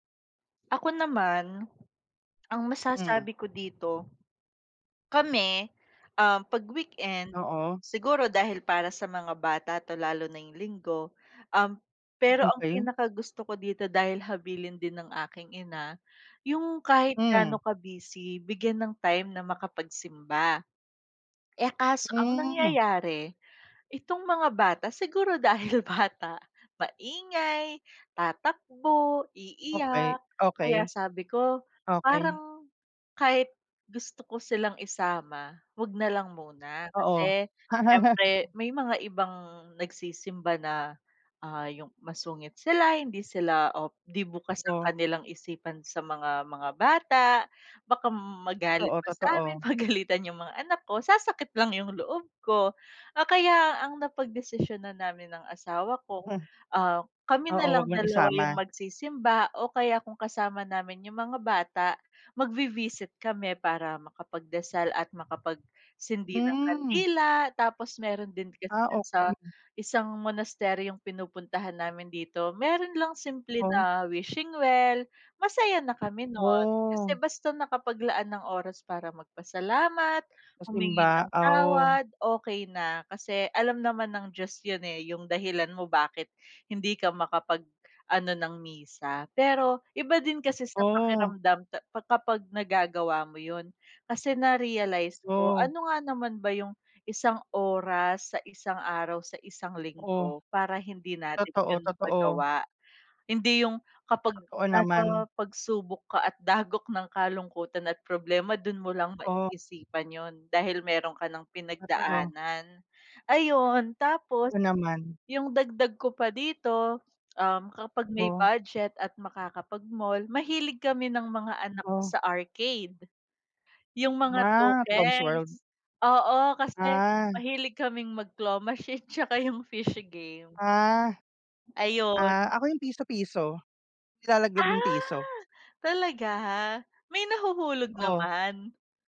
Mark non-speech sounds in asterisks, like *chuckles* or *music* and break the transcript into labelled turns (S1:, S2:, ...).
S1: Ako naman, *swallows* ang
S2: Hmm.
S1: masasabi ko dito. Kami, um, 'pag weekend
S2: Oo.
S1: siguro, dahil para sa mga bata 'to, lalo na yung linggo, um, pero ang
S2: Okey.
S1: pinakagusto ko dito, dahil habilin din ng aking ina, yung kahit
S2: Hmm.
S1: ga'no ka-busy, bigyan ng time na makapagsimba. Eh, kaso ang
S2: Hmm.
S1: nangyayari, itong mga bata, siguro dahil bata, maingay, tatakbo,
S2: Okey,
S1: iiyak, kaya
S2: okey.
S1: sabi ko,
S2: Okey.
S1: parang kahit gusto ko silang isama, huwag na lang muna.
S2: Oo.
S1: Kasi, siyempre
S2: *laughs*
S1: may mga ibang nagsisimba na, ah, yung masungit sila, hindi sila, o 'di bukas ang
S2: Oh.
S1: kanilang isipan sa mga mga bata, baka m magalit
S2: Totoo,
S1: pa sa
S2: totoo.
S1: amin, pagalitan yung mga anak ko, sasakit lang yung loob ko. Ah, kaya ang napagdesisyunan namin ng asawa ko,
S2: *chuckles*
S1: um, kami
S2: Oo,
S1: na lang
S2: huwag ng
S1: 2 yung
S2: isama.
S1: magsisimba, o kaya kung kasama namin yung mga bata, magvi-visit kami para makapagdasal at makapagsindi ng
S2: Hmm.
S1: kandila, tapos meron din kasi
S2: Ah,
S1: do'n sa,
S2: okey.
S1: isang monasteryong pinupuntahan namin dito, meron lang simple
S2: Oh.
S1: na wishing well, masaya na kami, no'n. Kasi
S2: Oh.
S1: basta nakapaglaan ng oras para magpasalamat,
S2: Sa
S1: humingi
S2: simba
S1: ng
S2: oh.
S1: tawad, okey na, kasi, alam naman ng Diyos ’yon eh. Yung dahilan mo kung bakit, hindi ka makapag-ano ng misa, pero iba din kasi sa
S2: Oh.
S1: pakiramdam ta pa kapag nagagawa mo ’yon, kasi na-realize ko,
S2: Oh.
S1: ano nga naman ba yung isang oras, sa isang araw, sa isang
S2: Oh.
S1: linggo, para hindi natin
S2: Totoo,
S1: ’yon
S2: totoo.
S1: magawa. Hindi, yung kapag
S2: Totoo
S1: nasa
S2: naman.
S1: pagsubok ka at dagok ng kalungkutan at problema, do'n mo lang
S2: Oh.
S1: maisipan ’yon dahil meron ka nang
S2: Totoo.
S1: pinagdaanan. Ayun, tapos
S2: Totoo naman.
S1: yung dagdag ko pa dito, um, kapag may
S2: Oh.
S1: budget at makakapag-mall, mahilig kami ng mga anak ko
S2: Oh.
S1: sa arcade. Yung mga
S2: Ah, Tom's World.
S1: tokens, oo, kasi
S2: Ah.
S1: mahilig kaming mag-claw machine tsaka yung fishy game.
S2: Ah. Ah,
S1: Ayun.
S2: ako yung piso-piso. Nilalaglag yung
S1: Ah,
S2: ₱1.
S1: talaga? May nahuhulog
S2: Oh.
S1: naman?